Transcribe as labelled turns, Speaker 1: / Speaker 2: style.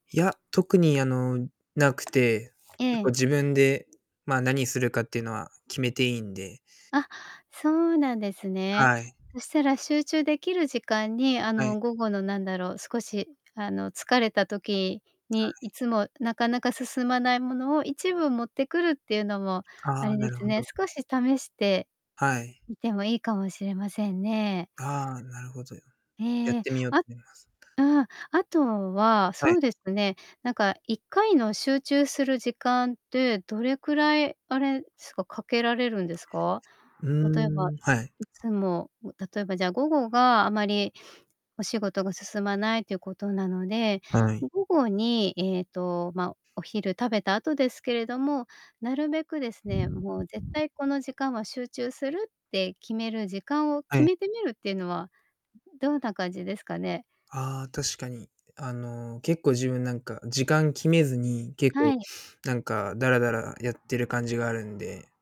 Speaker 1: いや、特にあの、無くて、
Speaker 2: え
Speaker 1: 結構
Speaker 2: え。
Speaker 1: 自分で、まあ、何するかっていうのは決めて良いんで。
Speaker 2: あ、そうなんですね。
Speaker 1: はい。
Speaker 2: そしたら集中できる時間に、あ
Speaker 1: はい。
Speaker 2: の、午後の、なんだろう、少し、あの、疲れた時
Speaker 1: は
Speaker 2: に
Speaker 1: い。
Speaker 2: いつもなかなか進まないものを1部持ってくるっていうのも、あ
Speaker 1: ああ、
Speaker 2: れで
Speaker 1: なる
Speaker 2: す
Speaker 1: ほ
Speaker 2: ね、
Speaker 1: ど。
Speaker 2: 少し試して
Speaker 1: はい。
Speaker 2: みても良いかもしれませんね。
Speaker 1: ああ、なるほど。や
Speaker 2: え
Speaker 1: っ
Speaker 2: え。
Speaker 1: てみよと
Speaker 2: あ
Speaker 1: みます。
Speaker 2: ああ、あとは、
Speaker 1: は
Speaker 2: そ
Speaker 1: い。
Speaker 2: うですね、なんか、1回の集中する時間って、どれくらい、あれすか、掛けられるんですか？
Speaker 1: う
Speaker 2: 例えば、
Speaker 1: ーん、はい。
Speaker 2: いつもわ例えば、じゃあ、午後があまりお仕事が進まないっていうことなので、
Speaker 1: はい。
Speaker 2: 午後に、ええと、ま、お昼食べた後ですけれども、なるべくですね、もう絶対この時間は集中する、って決める時間を
Speaker 1: は
Speaker 2: 決
Speaker 1: い。
Speaker 2: めてみるっていうのはどうた感じですかね？
Speaker 1: ああ、確かに。あの、結構自分、なんか、時間決めずに、結
Speaker 2: は
Speaker 1: 構
Speaker 2: い。
Speaker 1: なんか、だらだらやってる感じがあるんで